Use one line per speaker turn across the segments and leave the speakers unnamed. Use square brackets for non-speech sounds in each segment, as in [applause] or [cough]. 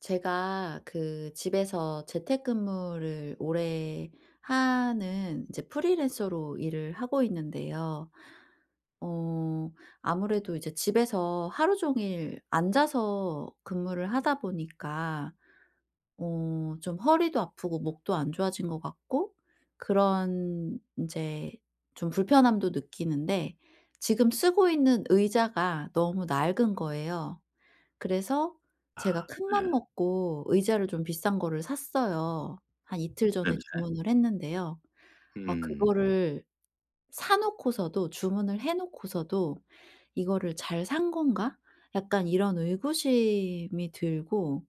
제가 그 집에서 재택근무를 오래 하는 이제 프리랜서로 일을 하고 있는데요. 어 아무래도 이제 집에서 하루 종일 앉아서 근무를 하다 보니까 어 좀 허리도 아프고 목도 안 좋아진 것 같고 그런 인제 좀 불편함도 느끼는데 지금 쓰고 있는 의자가 너무 낡은 거예요. 그래서
아
제가
네.
큰맘 먹고 의자를 좀 비싼 거를 샀어요. 한 이틀 전에
네네.
주문을 했는데요. 아
음.
그거를 사놓고서도 주문을 해놓고서도 '이거를 잘 산 건가?' 약간 이런 의구심이 들고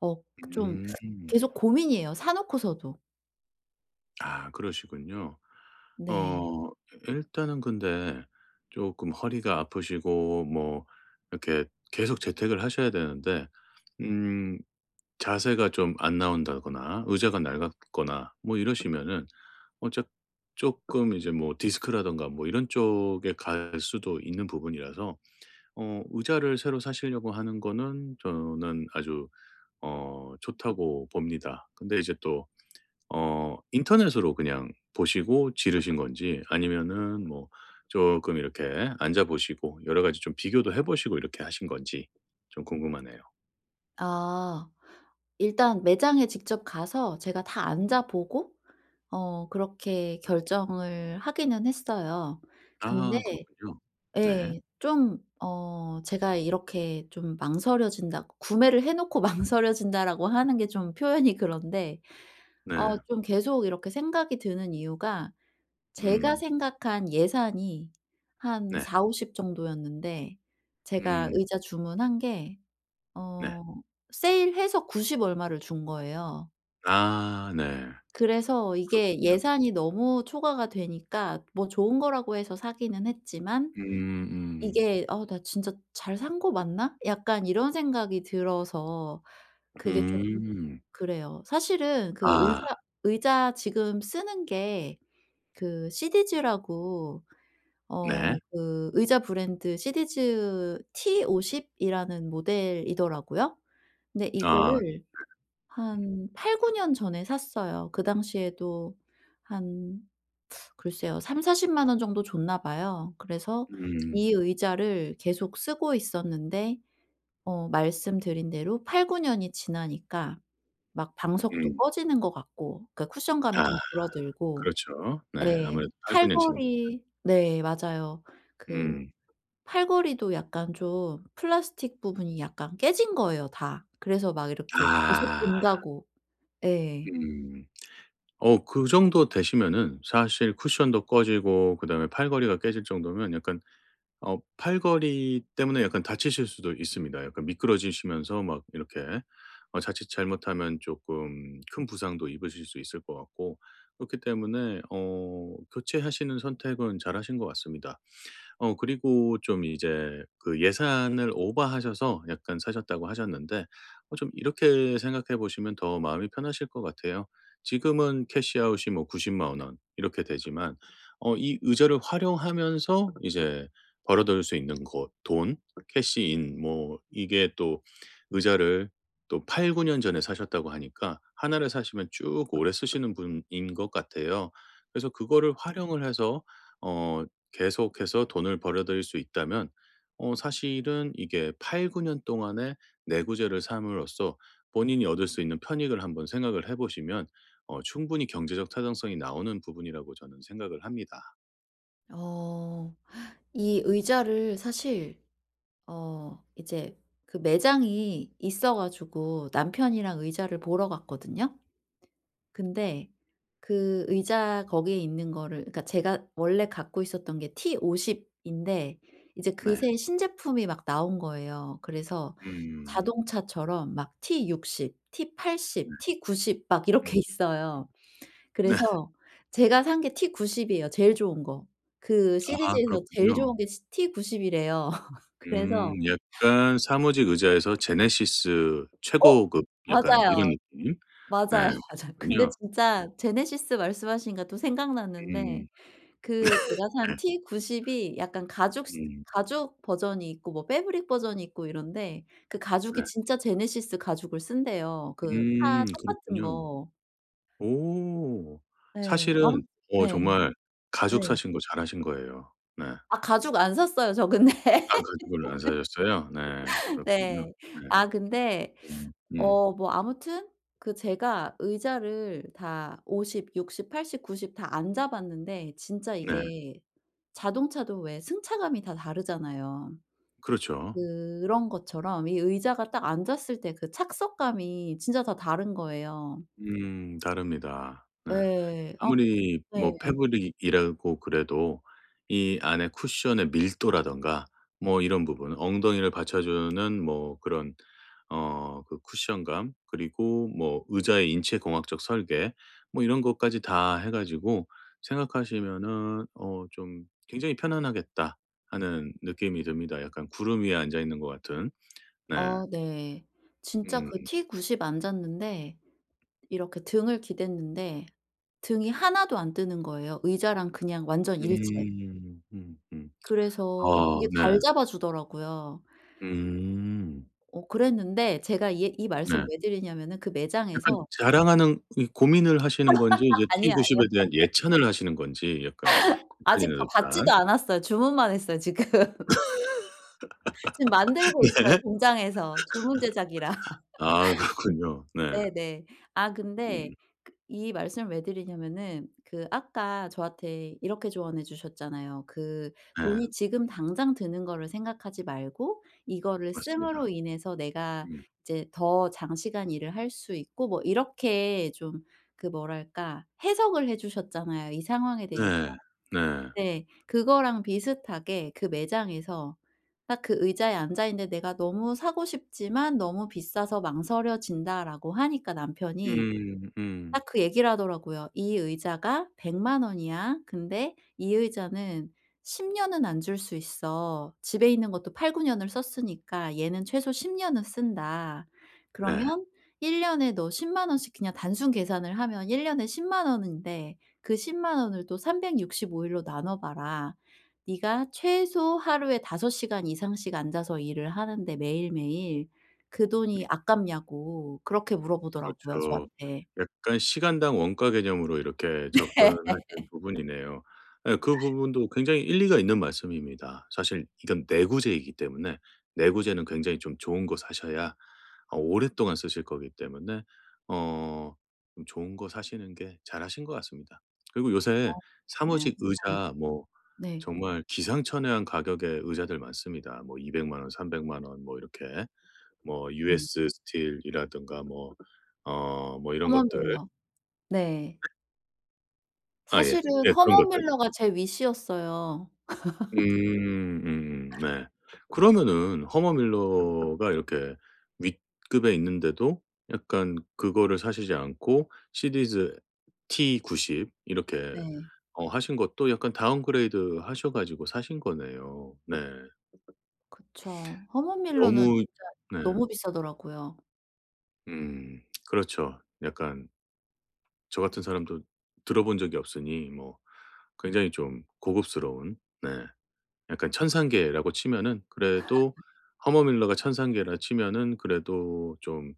억 좀 [sucks teeth]
음.
계속 고민이에요 사놓고서도.
아 그러시군요.
네.
어 이 일단은 근데 쪼끔 허리가 아프시고 뭐 이렇게 계속 재택을 하셔야 되는데 음 자세가 좀 안 나온다거나 의자가 낡았거나 뭐 이러시면은 어 작 조금 이제 뭐 디스크라든가 뭐 이런 쪽에 갈 수도 있는 부분이라서 어 의자를 새로 사시려고 하는 거는 저는 아주 어 좋다고 봅니다. 근데 이제 또 어 인터넷으로 그냥 보시고 지르신 건지 아니면은 뭐 쪼끔 이렇게 앉아보시고 여러 가지 좀 비교도 해보시고 이렇게 하신 건지 좀 궁금하네요.
아. 일단 매장에 직접 가서 제가 다 앉아 보고 어 그렇게 결정을 하기는 했어요. 근데
아. 그렇군요. 네.
예. 좀 어 제가 이렇게 좀 망설여진다 구매를 해 놓고 망설여진다라고 하는 게 좀 표현이 그런데 어
네.
좀 계속 이렇게 생각이 드는 이유가 제가
음.
생각한 예산이 한
네.
40-50 정도였는데 제가
음.
의자 주문한 게
네.
어 세일해서 90 얼마를 준 거예요.
아. 네.
그래서 이게
그렇군요.
예산이 너무 초과가 되니까 뭐 좋은 거라고 해서 사기는 했지만
음 음.
이게 '어. 나 진짜 잘 산 거 맞나?' 약간 이런 생각이 들어서 그게 좀
음.
그래요. 사실은 그
아.
의사 의자 지금 쓰는 게 그 시디즈라고 어
네.
그 의자 브랜드 시디즈 T50이라는 모델이더라고요. 근데
아 네.
이거를
음.
한 8-9 년 전에 샀어요. 그 당시에도 한 [sucks teeth] 글쎄요, 300,000-400,000 원 정도 줬나 봐요. 그래서
음.
이 의자를 계속 쓰고 있었는데 어 말씀드린 대로 8-9 년이 지나니까 막 방석도
음.
꺼지는 것 같고, 그니까 쿠션감이
아.
좀 줄어들고
그렇죠. 네.
네.
아무래도 8-9 년 지났으면.
팔걸이 네. 맞아요. 그
음.
팔걸이도 약간 좀 플라스틱 부분이 약간 깨진 거예요 다. 그래서 막 이렇게 계속
아.
돈다고 예.
음. 어 그 정도 되시면은 사실 쿠션도 꺼지고 그다음에 팔걸이가 깨질 정도면 약간 어 팔걸이 때문에 약간 다치실 수도 있습니다. 약간 미끄러지시면서 막 이렇게 어 자칫 잘못하면 쪼끔 큰 부상도 입으실 수 있을 것 같고 그렇기 때문에 어 교체하시는 선택은 잘하신 것 같습니다. 어 그리고 좀 이제 그 예산을 오바하셔서 약간 사셨다고 하셨는데 어 좀 이렇게 생각해 보시면 더 마음이 편하실 것 같아요. 지금은 캐시 아웃이 뭐 900,000 원 이렇게 되지만 어 이 의자를 활용하면서 이제 벌어 들일 수 있는 곧 돈, 캐시 인 뭐 이게 또 의자를 또 8-9 년 전에 사셨다고 하니까 하나를 사시면 쭉 오래 쓰시는 분인 것 같아요. 그래서 그거를 활용을 해서 어 계속해서 돈을 벌어들일 수 있다면 어 사실은 이게 8-9 년 동안에 내구재를 삼으로써 본인이 얻을 수 있는 편익을 한번 생각을 해 보시면 어 충분히 경제적 타당성이 나오는 부분이라고 저는 생각을 합니다.
어 이 의자를 사실 어 이제 그 매장이 있어 가지고 남편이랑 의자를 보러 갔거든요. 근데 그 의자 거기에 있는 거를 그니까 제가 원래 갖고 있었던 게 T50인데 이제
네.
그새 신제품이 막 나온 거예요. 그래서
음.
자동차처럼 막 T60, 티
네.
팔십,
음.
T90 막
음.
이렇게 있어요.
네.
그래서 제가 산 게 T90 이에요, 제일 좋은 거. 그
아
시디즈에서 제일
그렇군요.
좋은 게 T90이래요. [laughs]
음.
그래서
약간 사무직 의자에서 제네시스
어.
최고급 약간
맞아요.
이런 느낌?
맞아요,
네. [unintelligible]
맞아요. 근데
군요. 예.
진짜 제네시스 말씀하시니까 또 생각났는데
음.
그 제가 산
[laughs] 예.
T90이 약간 가죽 스
음.
가죽 버전이 있고 뭐 패브릭 버전이 있고 이런데 그 가죽이
네.
진짜 제네시스 가죽을 쓴대요, 그 차
음
똑같은
그렇군요.
거.
오.
예. 아
사실은 어
네.
정말
네.
가죽 사신 거 잘하신 거예요. 네.
아 가죽 안 샀어요, 저 근데.
아 가죽으로 안 사셨어요? 네.
[laughs]
그렇군요.
네.
네.
아 근데
음. 음.
어 뭐 아무튼 그 제가 의자를 다 50, 60, 80, 90 다 앉아봤는데 진짜
네.
이게 자동차도 왜 승차감이 다 다르잖아요.
그렇죠.
그런 것처럼 이 의자가 딱 앉았을 때 그 착석감이 진짜 다 다른 거예요.
음 다릅니다. 네.
예. 아
아무리
네.
뭐 패브릭이라고 그래도 이 안에 쿠션의 밀도라든가 뭐 이런 부분, 엉덩이를 받쳐주는 뭐 그런 어 그 쿠션감 그리고 뭐 의자의 인체 공학적 설계 뭐 이런 것까지 다 해 가지고 생각하시면은 어 좀 '굉장히 편안하겠다.' 하는 느낌이 듭니다. 약간 구름 위에 앉아 있는 것 같은. 네.
어 네. 진짜 그
음.
T90 앉았는데 이렇게 등을 기댔는데 등이 하나도 안 뜨는 거예요. 의자랑 그냥 완전 일체.
음. 음 음. 아
그래서 되게 잘
네.
잡아주더라고요.
음.
어 그랬는데 제가 이 얘 이 말씀을
네.
왜 드리냐면은 그
약간
매장에서
자랑하는 고 고민을 하시는 건지 이제
[laughs] 아니요.
티
아니요.
구십에 대한
[laughs]
예찬을 하시는 건지 약간
아직
헷갈리네요
저
일단.
받지도 않았어요. 주문만 했어요 지금. 지금
[laughs]
만들고 있어요
네.
공장에서. 주문 제작이라.
아 그렇군요.
[laughs]
네.
네네. 아 근데
음.
이 말씀을 왜 드리냐면은 그 아까 저한테 이렇게 조언해 주셨잖아요. '그
예.
돈이 지금 당장 드는 거를 생각하지 말고 이거를
맞습니다.
씀으로 인해서 내가
음.
이제 더 장시간 일을 할 수 있고' 뭐 이렇게 좀 그 뭐랄까 해석을 해 주셨잖아요, 이 상황에 대해서.
네. 네.
네. 그거랑 비슷하게 그 매장에서 딱 그 의자에 앉아 있는데 "내가 너무 사고 싶지만 너무 비싸서 망설여진다."라고 하니까 남편이
음. 음.
딱 그 얘기를 하더라고요. "이 의자가 1,000,000 원이야. 근데 이 의자는 10 년은 앉을 수 있어. 집에 있는 것도 8-9 년을 썼으니까 얘는 최소 10 년은 쓴다. 그러면
네.
1 년에 너 100,000 원씩 그냥 단순 계산을 하면 1 년에 100,000 원인데 그 100,000 원을 또 365 일로 나눠봐라. 네가 최소 하루에 5 시간 이상씩 앉아서 일을 하는데 매일매일 그
음.
돈이 아깝냐."고 그렇게 물어보더라고요
그렇죠.
저한테.
약간 시간당 원가 개념으로 이렇게
네.
접근하시는 부분이네요. 예 그 부분도 굉장히 일리가 있는 말씀입니다. 사실 이건 내구재이기 때문에 내구재는 굉장히 좀 좋은 거 사셔야 어 오랫동안 쓰실 거기 때문에 어 음 좋은 거 사시는 게 잘하신 것 같습니다. 그리고 요새
아 그래요.
사무직
네.
의자 뭐
네.
정말 기상천외한 가격의 의자들 많습니다. 뭐 2,000,000 원, 3,000,000 원 뭐 이렇게. 뭐
음.
US 스틸이라든가 뭐 어 뭐 이런
허먼
것들.
밀러. 네.
아 예.
사실은
예. 그런
허먼
것들.
밀러가 제 위시였어요. [laughs]
음. 음. 네. 그러면은 허먼 밀러가 이렇게 윗급에 있는데도 약간 그거를 사시지 않고 시디즈 T90 이렇게
네.
어 하신 것도 약간 다운그레이드하셔 가지고 사신 거네요. 네.
그쵸. 허먼 밀러는
너무
진짜
네.
너무 비싸더라고요.
음. [smacks lips] 그렇죠. 약간. 저 같은 사람도 들어본 적이 없으니 뭐 굉장히 좀 고급스러운 네 약간 천상계라고 치면은 그래도
[laughs]
허먼 밀러가 천상계라 치면은 그래도 좀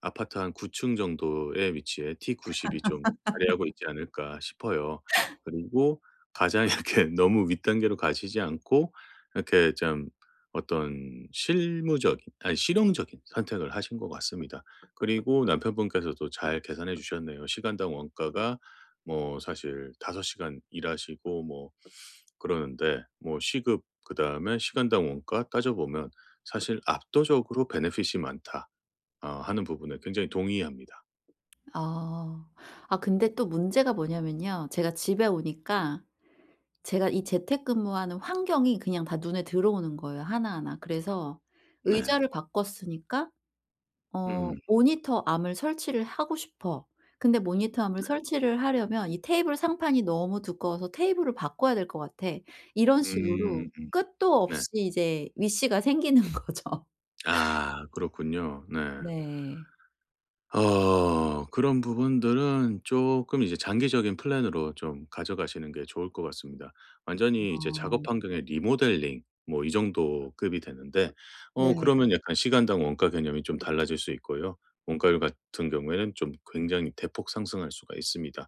아파트 한 9 층 정도의 위치에 T90이 좀 자리하고
[laughs]
있지 않을까 싶어요. 그리고 가장 이렇게 너무 윗단계로 가시지 않고 이렇게 참 어떤 실무적인 아니 실용적인 선택을 하신 것 같습니다. 그리고 남편분께서도 잘 계산해 주셨네요. 시간당 원가가 뭐 사실 5 시간 일하시고 뭐 그러는데 뭐 시급 그다음에 시간당 원가 따져보면 사실 "압도적으로 베네핏이 많다." 어 하는 부분에 굉장히 동의합니다.
아. 아 근데 또 문제가 뭐냐면요. 제가 집에 오니까 제가 이 재택근무하는 환경이 그냥 다 눈에 들어오는 거예요 하나하나. 그래서
네.
'의자를 바꿨으니까 어
음.
모니터 암을 설치를 하고 싶어. 근데 모니터 암을
네.
설치를 하려면 이 테이블 상판이 너무 두꺼워서 테이블을 바꿔야 될 것 같아.' 이런 식으로
음. 음.
끝도
네.
없이 이제 위시가 생기는 거죠.
아. 그렇군요. 네.
네.
어. 그런 부분들은 쪼끔 이제 장기적인 플랜으로 좀 가져가시는 게 좋을 것 같습니다. 완전히 이제
어.
작업 환경의 리모델링 뭐 이 정도 급이 되는데 어
네.
그러면 약간 시간당 원가 개념이 좀 달라질 수 있고요. 원가율 같은 경우에는 좀 굉장히 대폭 상승할 수가 있습니다.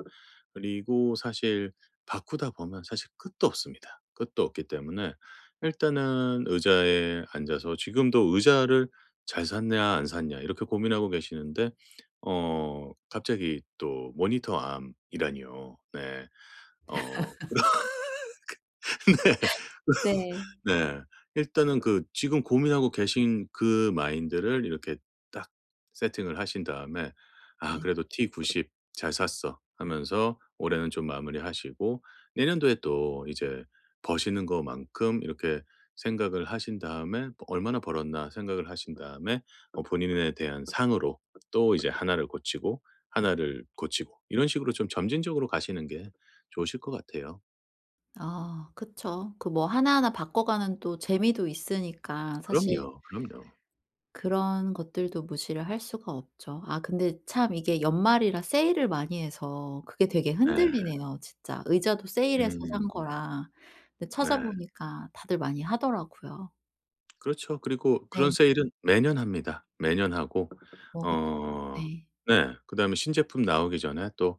그리고 사실 바꾸다 보면 사실 끝도 없습니다. 끝도 없기 때문에 일단은 의자에 앉아서 지금도 '의자를 잘 샀냐, 안 샀냐?' 이렇게 고민하고 계시는데 어 갑자기 또 모니터 암이라니요. 네. 어.
[laughs]
[laughs] 그
네.
네. 어. 네. 일단은 그 지금 고민하고 계신 그 마인드를 이렇게 딱 세팅을 하신 다음에 '아.
네.
그래도 T90 잘 샀어.' 하면서 올해는 좀 마무리하시고. 내년도에 또 이제 버시는 거만큼 이렇게 생각을 하신 다음에 뭐 '얼마나 벌었나?' 생각을 하신 다음에 어 본인에 대한 상으로 또 이제 하나를 고치고 하나를 고치고 이런 식으로 좀 점진적으로 가시는 게 좋으실 것 같아요.
아 그쵸. 그 뭐 하나하나 바꿔 가는 또 재미도 있으니까 사실
그럼요, 그럼요.
그런 것들도 무시를 할 수가 없죠. 아 근데 참 이게 연말이라 세일을 많이 해서 그게 되게
네.
흔들리네요 진짜. 의자도 세일해서
음.
산 거라. 근데
네.
찾아보니까 다들 많이 하더라고요.
그렇죠. 그리고 그런
네.
세일은 매년 합니다. 매년 하고.
어 그쵸.
어
네.
네. 그다음에 신제품 나오기 전에 또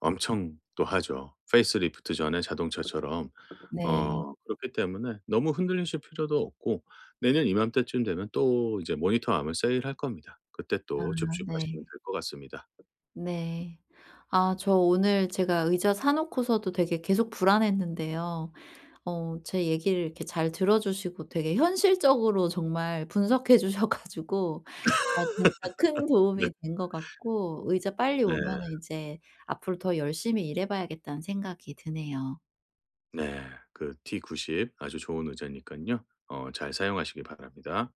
엄청 또 하죠. 페이스리프트 전에 자동차처럼.
네.
어 그렇기 때문에 너무 흔들리실 필요도 없고 내년 이맘때쯤 되면 또 이제 모니터 하면 세일할 겁니다. 그때
아.
또 줍줍하시면
네.
될 것 같습니다.
네. 아 저 오늘 제가 의자 사 놓고서도 되게 계속 불안했는데요. 어 제 얘기를 이렇게 잘 들어주시고 되게 현실적으로 정말 분석해 주셔 가지고 어 진짜 큰
[laughs] 네.
도움이 된 것 같고 의자 빨리
네.
오면은 이제 앞으로 더 열심히 일해 봐야겠다는 생각이 드네요.
네. 그 T90 아주 좋은 의자니깐요 어 잘 사용하시기 바랍니다.